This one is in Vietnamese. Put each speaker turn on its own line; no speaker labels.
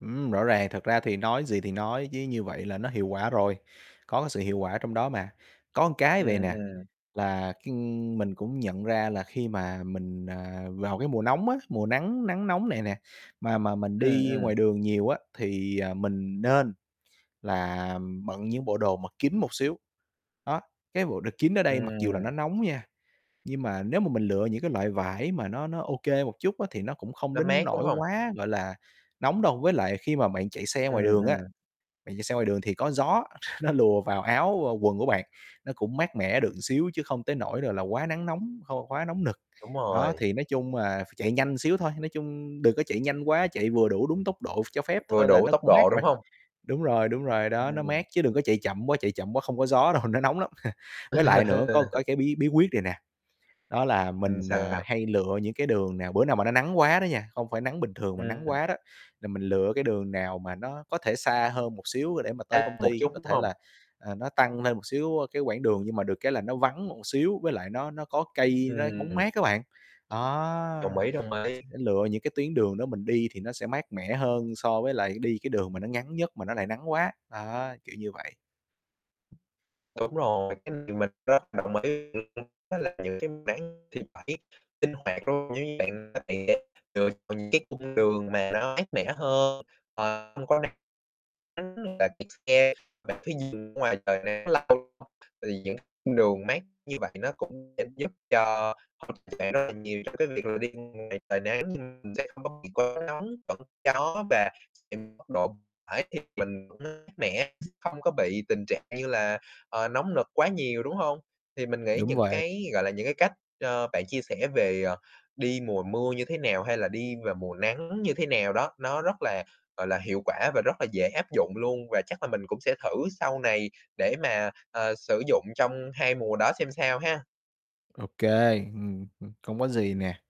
Ừm, rõ ràng. Thật ra thì nói gì thì nói chứ, như vậy là nó hiệu quả rồi, có cái sự hiệu quả trong đó mà. Có cái vầy
Ừm,
nè,
ừm.
là khi mình cũng nhận ra là khi mà mình, à, vào cái mùa nóng á, mùa nắng nắng nóng này nè, mà mà mình
Ừm,
đi
ừm.
ngoài đường nhiều á, thì, à, mình nên là bận những bộ đồ mà kín một xíu. Đó, cái bộ đồ kín ở đây, mặc dù là nó
Ừm.
nóng nha, nhưng mà nếu mà mình lựa những cái loại vải mà nó nó ô kê một chút á, thì nó cũng không
Nó
đến
mát, đúng
nỗi
hông?
quá, gọi là, nóng đâu. Với lại khi mà bạn chạy xe ngoài
Ừm,
đường á,
ừm.
bạn chạy xe ngoài đường thì có gió nó lùa vào áo, vào quần của bạn, nó cũng mát mẻ được xíu, chứ không tới nỗi rồi là quá nắng nóng, khô quá nóng nực.
Đúng
Đó,
rồi.
thì nói chung là phải chạy nhanh xíu thôi, nói chung đừng có chạy nhanh quá, chạy vừa đủ đúng tốc độ cho phép
Vừa
thôi là
đủ
nó
tốc
cũng
độ,
mát rồi.
đúng hông?
Đúng rồi, đúng rồi đó, nó
Ừm.
mát chứ đừng có chạy chậm quá, chạy chậm quá không có gió đâu, nó nóng lắm. Với lại nữa có cái cái bí bí quyết này nè. Đó là
Ừm,
mình,
sao,
à,
sao?
hay lựa những cái đường nào bữa nào mà nó nắng quá đó nha, không phải nắng bình thường mà
Ừm.
nắng quá đó, là mình lựa cái đường nào mà nó có thể xa hơn một xíu để mà tới
A,
công
một
ty,
chút,
có
đúng
thể là,
hông?
à, nó tăng lên một xíu cái quãng đường nhưng mà được cái là nó vắng một xíu với lại nó nó có cây, nó
Ừm,
bóng
ừm.
mát á bạn.
Đồng
Đó,
ý, đồng ý.
lựa những cái tuyến đường đó mình đi thì nó sẽ mát mẻ hơn so với lại đi cái đường mà nó ngắn nhất mà nó lại nắng quá, đó, kiểu như vậy.
Đúng rồi, cái này mình rất đồng ý, l luôn nó là những cái máng thì phải sinh hoạt, đúng hông? Giống như bạn này ấy lựa chọn những cái cung đường mà nó mát mẻ hơn, ờ, không có nắng, [unintelligible] bạn chạy xe, bạn cứ nhìn ra ngoài trời nè nắng lâu thì những cung đường mát như vậy nó cũng sẽ giúp cho bạn rất là nhiều trong cái việc là đi ngoài trời nắng, nhưng mình sẽ không có bị quá nóng, vẫn gió và nhìn mức độ phải thêm mình cũng mát mẻ, không có bị tình trạng như là, ờ, nóng nực quá nhiều, đúng hông? Thì mình nghĩ
Đúng
những
vậy.
cái, gọi là, những cái cách, ờ, bạn chia sẻ về, ờ, đi mùa mưa như thế nào, hay là đi vào mùa nắng như thế nào đó, nó rất là, gọi là, hiệu quả và rất là dễ áp dụng luôn và chắc là mình cũng sẽ thử sau này để mà, ờ, sử dụng trong 2 mùa đó xem sao ha.
Ô kê, ừm, ừm, không có gì nè.